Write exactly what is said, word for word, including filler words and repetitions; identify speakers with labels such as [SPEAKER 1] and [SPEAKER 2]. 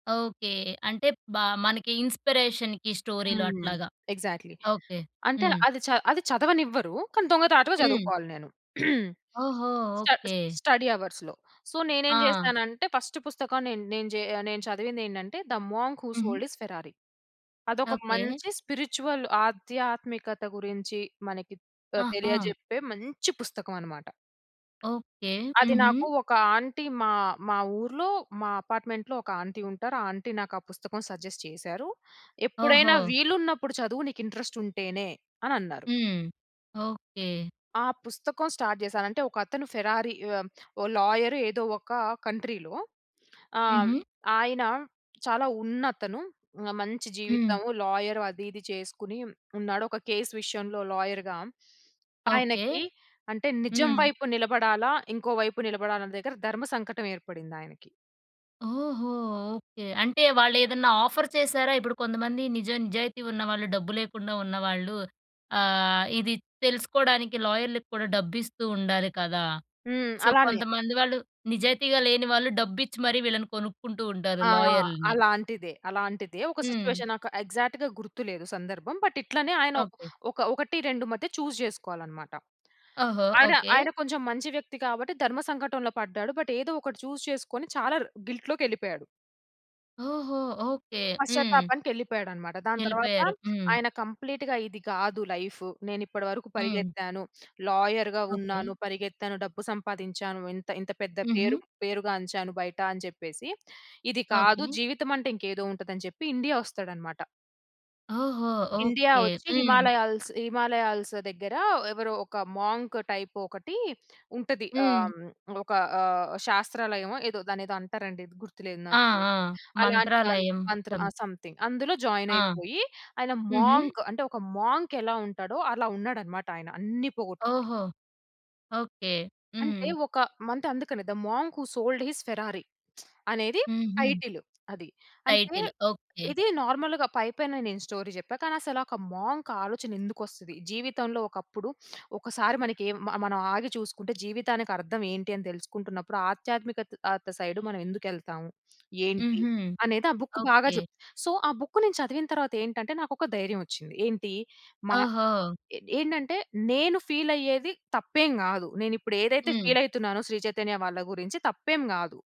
[SPEAKER 1] Okay. అంటే బా మనకి ఇన్‌స్పి‌రేషన్‌కి స్టోరీలు
[SPEAKER 2] హ్మ్.
[SPEAKER 1] అట్లాగా.
[SPEAKER 2] ఎగ్సాక్ట్‌లీ.
[SPEAKER 1] ఓకే.
[SPEAKER 2] అంటే అల
[SPEAKER 1] హ్మ్.
[SPEAKER 2] అది చ అది చదవనివ్వరు. కానీ దొంగచాటుగా
[SPEAKER 1] హ్మ్.
[SPEAKER 2] చదువుకోవాలి నేను.
[SPEAKER 1] ఓహో!
[SPEAKER 2] స్టడ్
[SPEAKER 1] ఓకే.
[SPEAKER 2] స్టడీ అవర్స్‌లో. సో, నేనేం
[SPEAKER 1] ఆ!
[SPEAKER 2] జేశానంటే, ఫస్ట్ పుస్తకం నేన్ నేన్ జే ఆహ్, నేను చదివిందేంటంటే, ద మోంక్ హు
[SPEAKER 1] హుహు.
[SPEAKER 2] Sold his Ferrari. అదొక
[SPEAKER 1] ఓకే.
[SPEAKER 2] మంచి స్పిరిచువల్ ఆధ్యాత్మికత గురించి మనకి త
[SPEAKER 1] ఆ! ఆ!
[SPEAKER 2] తెలియజెప్పే మంచి పుస్తకం అనమాట.
[SPEAKER 1] ఓకే.
[SPEAKER 2] అది
[SPEAKER 1] హుహు.
[SPEAKER 2] నాకు ఒక ఆంటీ మా మా ఊర్లో, మా అపార్ట్మెంట్‌లో ఒక ఆంటీ ఉంటారు. ఆ ఆంటీ నాకా పుస్తకం సజెస్ట్ చేసారు. "ఎప్పుడైనా
[SPEAKER 1] ఓహో!
[SPEAKER 2] వీలున్నప్పుడు చదువు, నీకింట్రస్ట్ ఉంటేనే" అనన్నారు.
[SPEAKER 1] హ్మ్. ఓకే.
[SPEAKER 2] ఆ పుస్తకం స్టార్ట్ జేశాను. అంటే, ఒకతను ఫెరారి యొ ఓ లాయరు ఏదో ఒక కంట్రీలో. ఆహ్, హ్మ్.
[SPEAKER 1] హుహు.
[SPEAKER 2] ఆయన చాలా ఉన్నతను. మంచి
[SPEAKER 1] హ్మ్.
[SPEAKER 2] జీవితము. లాయర్ అది ఇది చేసుకుని ఉన్నాడు. ఒక కేస్ విషయంలో లాయర్‌గా
[SPEAKER 1] ఓకే.
[SPEAKER 2] ఆయనకి, అంటే నిజం
[SPEAKER 1] హ్మ్.
[SPEAKER 2] వైపు నిలబడాలా, ఇంకో వైపు నిలబడాలా అనే దగ్గర ధర్మ సంకటం ఏర్పడిందాయనకి.
[SPEAKER 1] ఓహో! ఓకే. అంటే వాళ్ళేదన్నా ఆఫర్ చేశారా? ఇప్పుడు కొంతమంది నిజ నిజాయితీ ఉన్నవాళ్ళు, డబ్బు లేకుండా ఉన్నవాళ్ళు ఆహ్, ఇది తెలుసుకోడానికి లాయర్‌లకి కూడా డబ్బిస్తూ ఉండాలి కదా!
[SPEAKER 2] హ్మ్.
[SPEAKER 1] సో,
[SPEAKER 2] అలానే.
[SPEAKER 1] కొంతమంది వాళ్ళు నిజాయితీగా లేని వాళ్ళు డబ్బిచ్చి మరీ వీళ్ళని కొనుక్కుంటూ ఉంటారు
[SPEAKER 2] ఆ!
[SPEAKER 1] లాయర్‌లని.
[SPEAKER 2] అలాంటిదే. అలాంటిదే. ఒక
[SPEAKER 1] హ్మ్.
[SPEAKER 2] సిచ్యువేషన్ నాకు ఎగ్సాక్ట్‌గా గుర్తు లేదు సందర్భం. బట్, ఇట్లనే ఆయన
[SPEAKER 1] ఓకే.
[SPEAKER 2] ఒక ఒకటి రెండు మధ్య చూస్ జేసుకోవాలనమాట.
[SPEAKER 1] ఓహో!
[SPEAKER 2] ఆయన,
[SPEAKER 1] ఓకే.
[SPEAKER 2] ఆయన కొంచెం మంచి వ్యక్తి కాబట్టి, ధర్మ సంకటంలో పడ్డాడు. బట్, ఏదో ఒకటి చూస్ చేసుకొని చాలా రు గిల్ట్‌లోకెళిపోయాడు.
[SPEAKER 1] ఓహో! ఓకే. హ్మ్.
[SPEAKER 2] పశ్చాతాపానికెళ్ళిపోయాడనమాట. దాని తరువాత,
[SPEAKER 1] యెళ్ళిపోయారు. హ్మ్.
[SPEAKER 2] ఆయన కంప్లీట్‌గా ఇది కాదు లైఫు. నేనిప్పడి వరకు
[SPEAKER 1] హ్మ్.
[SPEAKER 2] పరిగెత్తాను. లాయర్‌గా
[SPEAKER 1] ఓకే.
[SPEAKER 2] ఉన్నాను. పరిగెత్తాను. డబ్బు సంపాదించాను. ఇంత ఇంత పెద్ద పేరు
[SPEAKER 1] హుహు.
[SPEAKER 2] పేరుగాంచాను బయట. అని చెప్పేసి, ఇది కాదు.
[SPEAKER 1] ఓకే.
[SPEAKER 2] జీవితమంటే ఇంకేదో ఉంటదని చెప్పి ఇండియా వస్తాడనమాట.
[SPEAKER 1] ఓహో!
[SPEAKER 2] India
[SPEAKER 1] okay.
[SPEAKER 2] వచ్చి
[SPEAKER 1] హ్మ్.
[SPEAKER 2] హిమాలయాల్స్ హిమాలయాల్స్ దగ్గర, ఎవరో ఒక మోంక్ టైప్ ఒకటి ఉంటది. ఆహ్,
[SPEAKER 1] హ్మ్.
[SPEAKER 2] హ్మ్. ఒక ఆహ్, శాస్త్రాలయమో ఏదో, దాన్నేదో అంటరండి. గుర్తులేదు
[SPEAKER 1] ఆ!
[SPEAKER 2] నాకు.
[SPEAKER 1] ఆ!
[SPEAKER 2] అలాంటి దాంట్లో
[SPEAKER 1] మంత్రాలయం.
[SPEAKER 2] మంత్ర
[SPEAKER 1] తం
[SPEAKER 2] ఆహ్, సంథింగ్. అందులో
[SPEAKER 1] ఆ!
[SPEAKER 2] జాయినయిపోయి, ఆయన
[SPEAKER 1] హుహు.
[SPEAKER 2] మోంక్ అంటే ఒక మోంకెలా ఉంటాడో, అలా ఉన్నాడమాట ఆయన అన్నీ పోగొట్టుకుని.
[SPEAKER 1] ఓహో! ఓకే.
[SPEAKER 2] అంటే,
[SPEAKER 1] హ్మ్.
[SPEAKER 2] ఒక మంత్ అందుకనే 'the monk who sold his Ferrari' అనేది
[SPEAKER 1] హుహు.
[SPEAKER 2] టైటిలు అది. అంటే,
[SPEAKER 1] టైటిల్. ఓకే.
[SPEAKER 2] ఇది నార్మల్‌గా పైపైనే నేను స్టోరీ చెప్పా. కానీ, అసలొక మోంక్ ఆలోచన ఎందుకొస్తది? జీవితంలో ఒకప్పుడు ఒకసారి మనకేం మ మనం ఆగి చూసుకుంటే, జీవితానికర్థం ఏంటి? అని తెలుసుకుంటున్నప్పుడు, ఆధ్యాత్మికత్ ఆత్ సైడు మనం ఎందుకెళ్తావు? ఏంటి?
[SPEAKER 1] హుహు.
[SPEAKER 2] అనేది ఆ బుక్ బాగా
[SPEAKER 1] ఓకే.
[SPEAKER 2] జెప్త్ సో, ఆ బుక్కు నేను చదివిన తరవాతేంటంటే, నాకొక ధైర్యం వచ్చింది. ఏంటి? మా
[SPEAKER 1] ఓహో!
[SPEAKER 2] ఏ ఏంటంటే, నేను ఫీలయ్యేది తప్పేం గాదు. నేనిప్పుడేదైతే
[SPEAKER 1] హ్మ్.
[SPEAKER 2] ఫీల్ అయితునానో, శ్రీ చైతన్య వాళ్ళ గురించి తప్పేం గాదు.